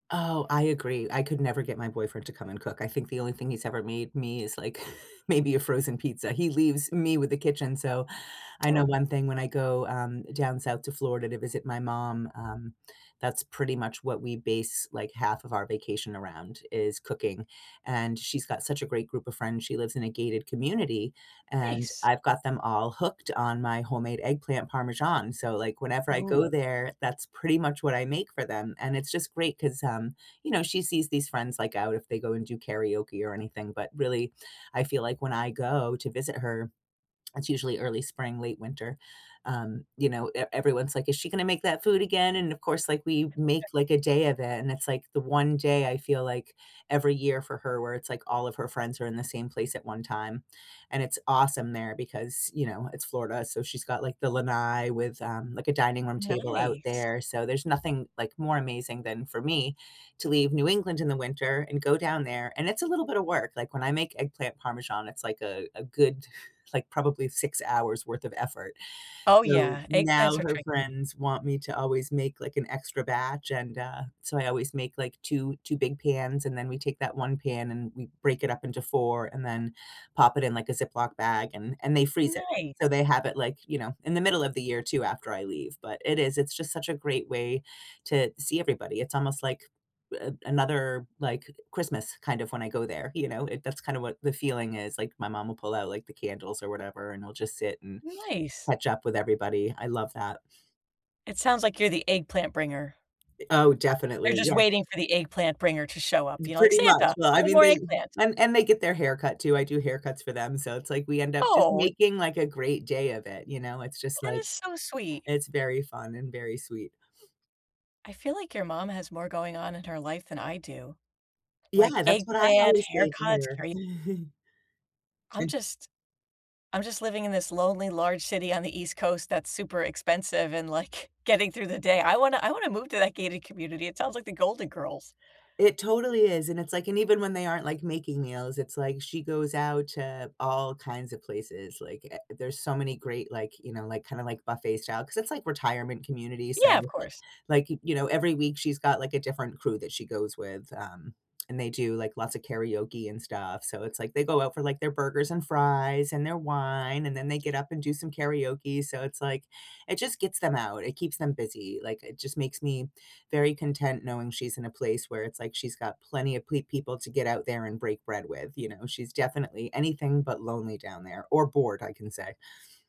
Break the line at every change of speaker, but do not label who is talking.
Oh, I agree. I could never get my boyfriend to come and cook. I think the only thing he's ever made me is, like, maybe a frozen pizza. He leaves me with the kitchen, so, I know
Oh.
1 thing when I go, um, down south to Florida to visit my mom, um, that's pretty much what we base, like, half of our vacation around is cooking. And she's got such a great group of friends. She lives in a gated community and
Nice.
I've got them all hooked on my homemade eggplant parmesan, so, like, whenever I go
Ooh.
there, that's pretty much what I make for them. And it's just great 'cause, um, you know, she sees these friends, like, out if they go and do karaoke or anything, but really, I feel like when I go to visit her, it's usually early spring, late winter. Um, you know, e everyone's, like, "Is she gonna make that food again?" And of course, like, we make,
[unintelligible]
like, a day of it, and it's, like, the 1 day I feel like every year for her where it's, like, all of her friends are in the same place at 1 time. And it's awesome there because, you know, it's Florida, so, she's got, like, the lanai with, um, like, a dining room table out
Nice.
there. So, there's nothing, like, more amazing than for me to leave New England in the winter and go down there and it's a little bit of work. Like, when I make eggplant parmesan, it's, like, a a good, like, probably 6 hours worth of effort.
Oh,
So,
yeah.
now
Eggplants are
her
tricky.
friends want me to always make, like, an extra batch and, uh, so, I always make, like, two 2 big pans and then we take that 1 pan and we break it up into 4 and then pop it in, like, a Ziploc bag and and they freeze it. So,
Nice.
they have it, like, you know, in the middle of the year too after I leave, but it is it's just such a great way to see everybody, it's almost like a another, like, Christmas kind of when I go there, you know? It that's kind of what the feeling is. Like, my mom will pull out like the candles or whatever and I'll just sit and
Nice.
catch up with everybody. I love that.
It sounds like you're the eggplant bringer.
I oh,
They're
definitely,
just
yeah
waiting for the eggplant bringer to show
M
up, you know, like
pretty much.
Santa,
Well,
but
I
with
mean
more
they
eggplant.
and and they get their haircut too. I do haircuts for them, so, it's, like, we end up just
Oh, it
making, like, a great day of it, you know? It's just,
That
like
is so sweet.
It's very fun and very sweet.
I feel like your mom has more going on in her life than I do-
Yeah,
like
that's what I
eggplant,
always say to
haircuts,
her.
kara I'm
And
just I'm just living in this lonely, large city on the East Coast that's super expensive and, like, getting through the day. I wanna I wanna move to that gated community. It sounds like The Golden Girls.
It totally is, and it's like and even when they aren't, like, making meals, it's, like, she goes out to all kinds of places like, eh, there's so many great, like, you know, like, kinda, like, buffet style 'cause it's, like, retirement community, so,
Yeah, of course.
like, you know, every week she's got, like, a different crew that she goes with, um, and they do, like, lots of karaoke and stuff. So, it's, like, they go out for, like, their burgers and fries and their wine, and then they get up and do some karaoke. So it's, like it just gets them out, it keeps them busy, like, it just makes me very content knowing she's in a place where it's, like, she's got plenty of ple people to get out there and break bread with, you know? She's definitely anything but lonely down there or bored, I can say.